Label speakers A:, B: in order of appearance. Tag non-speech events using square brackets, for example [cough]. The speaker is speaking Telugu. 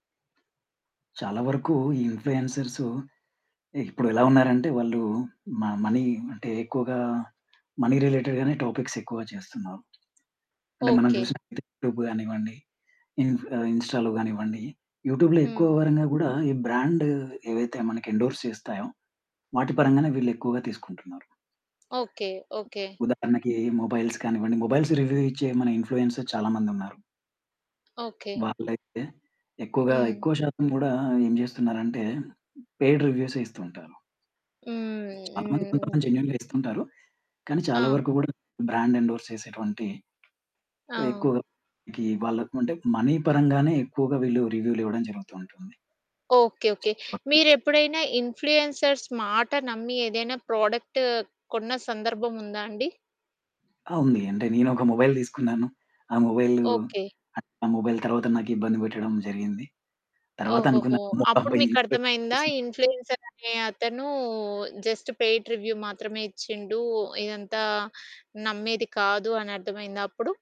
A: చాలా వరకు ఈ ఇన్‌ఫ్లుయెన్సర్సు ఇప్పుడెలా ఉన్నారంటే, వాళ్ళూ మ మనీ అంటే, ఎక్కువగా మనీ రిలేటెడ్‌గానే టాపిక్స్ ఎక్కువ చేస్తున్నారు. అంటే, మనం
B: ఓకె.
A: జూసినట్లయితే యూట్యూబ్ గానివ్వండి, ఇన్ ఇన్‌స్టాలో గానివ్వండి, యూట్యూబ్‌లో ఎక్కువ
B: హ్మ్.
A: ఎవరైనా గూడా ఈ బ్రాండ్ ఏవైతే మనకి ఎండోర్స్ చేస్తాయో, వాటి పరంగానే వీళ్ళు ఎక్కువగా తీసుకుంటున్నారు.
B: ఓకె. ఓకె.
A: ఉదాహరణకి, మొబైల్స్ కానివ్వండి. మొబైల్స్ రివ్యూ ఇచ్చే, మన ఇన్‌ఫ్లుయెన్సర్ చాలా మందున్నారు...
B: ఓకె.
A: వాళ్ళైతే ఎక్కువగా,
B: హ్మ్.
A: ఎక్కువ శాతం గూడా ఏం జేస్తున్నారంటే, పెయిడ్ రివ్యూసే ఇస్తుంటారు.
B: హ్మ్.
A: చాలా మంది,
B: హ్మ్.
A: కొంతమంది జెన్యూన్‌గా ఇస్తుంటారు. కానీ చాలా
B: ఆ!
A: వరకు గూడా బ్రాండ్ ఎండోర్స్ చేసేటువంటి
B: ఆ!
A: ఎక్కువగా గీ వాళ్ళకు అంటే, మనీ పరంగానే ఎక్కువగా వీళ్ళు రివ్యూలివ్వడం జరుగుతూ ఉంటుంది.
B: ఓకె. ఓకె.
A: [unintelligible]
B: మీరెప్పుడైనా ఇన్‌ఫ్లుయెన్సర్స్ మాట నమ్మి ఏదైనా ప్రొడక్ట్ కొన్న సందర్భం ఉందా అండి?
A: ఆ! ఉంది. అంటే నేనొక మొబైల్ దీసుకున్నాను. ఆ మొబైలు,
B: ఓకె.
A: ఆ మొబైల్ తర్వాత నాకు ఇబ్బంది బెట్టడం జరిగింది, తర్వాత
B: ఓహోహో!
A: అనుకున్నాను. మొత్తం
B: అప్పుడు
A: బై
B: మీకర్థమయిందా?
A: ఇన్‌ఫ్లుయెన్సర్స్
B: ఇన్‌ఫ్లుయెన్సర్ అనే అతను జస్ట్ పెయిడ్ రివ్యూ మాత్రమే ఇచ్చిండు. ఇదంతా నమ్మేది కాదు అని అర్థమైందా అప్పుడు?